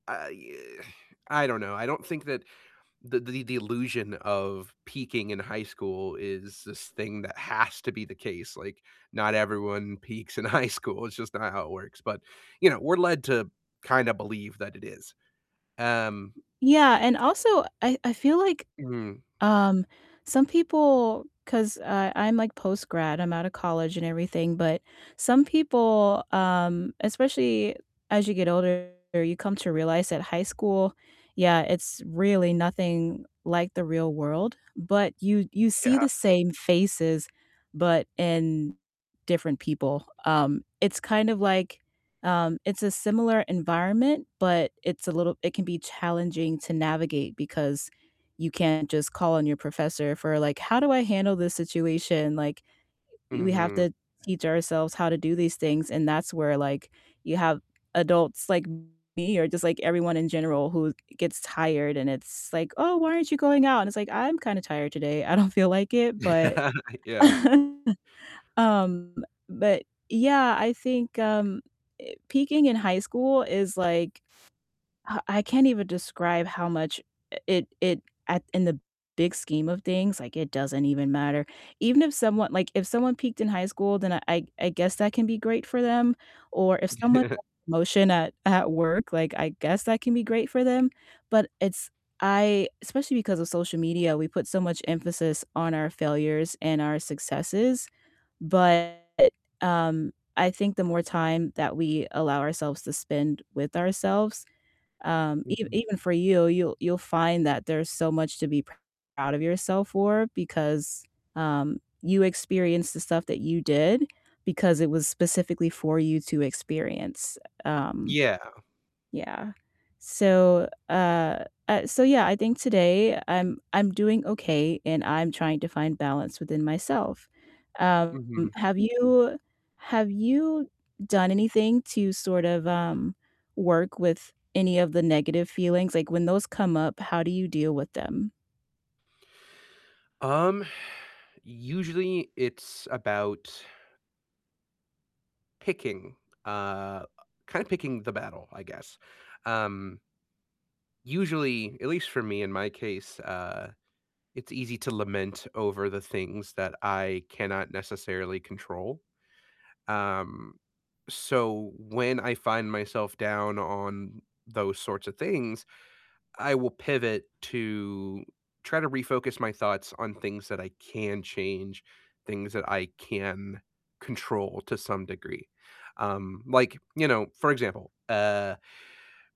I, uh I don't know, I don't think that the the the illusion of peaking in high school is this thing that has to be the case. Like, not everyone peaks in high school, it's just not how it works, but, you know, we're led to kinda believe that it is. Um Yeah, and also I I feel like, Mhm. um, some people 'cause, uh, I'm, like, post-grad, I'm out of college and everything, but some people, um, especially as you get older, you come to realize that high school yeah, it's really nothing like the real world, but you you see Yeah. the same faces, but in different people, um, it's kind of, like um, it's a similar environment, but it's a little it can be challenging to navigate because you can't just call on your professor for, like, "How do I handle this situation?" Like, we have Mhm. to teach ourselves how to do these things, and that's where, like, you have adults like me or just, like, everyone in general who gets tired and it's like, "Oh, why aren't you going out?" And it's like, "I'm kinda tired today, I don't feel like it." But I yeah. um but yeah, I think, um, peaking in high school is, like I I can't even describe how much it it at in the big scheme of things, like, it doesn't even matter. Even if someone like, if someone peaked in high school, then I I I guess that can be great for them, or if someone [unintelligible] a promotion at at work, like, I guess that can be great for them, but it's I especially because of social media, we put so much emphasis on our failures and our successes, but, um, I think the more time that we allow ourselves to spend with ourselves, um, ev Mhm. even for you, you'll you'll find that there's so much to be proud of yourself for because, um, you experienced the stuff that you did because it was specifically for you to experience, um, Yeah. yeah. So, uh uh, so yeah, I think today I'm I'm doing okay and I'm trying to find balance within myself. Um, Mhm. have you have you done anything to sort of, um, work with any of the negative feelings? Like, when those come up, how do you deal with them? Um, usually it's about picking, uh, kinda picking the battle, I guess. Um usually at least for me in my case, uh, it's easy to lament over the things that I cannot necessarily control, um, so when I find myself down on those sorts of things, I will pivot to try to refocus my thoughts on things that I can change, things that I can control to some degree. Um, like, you know, for example, uh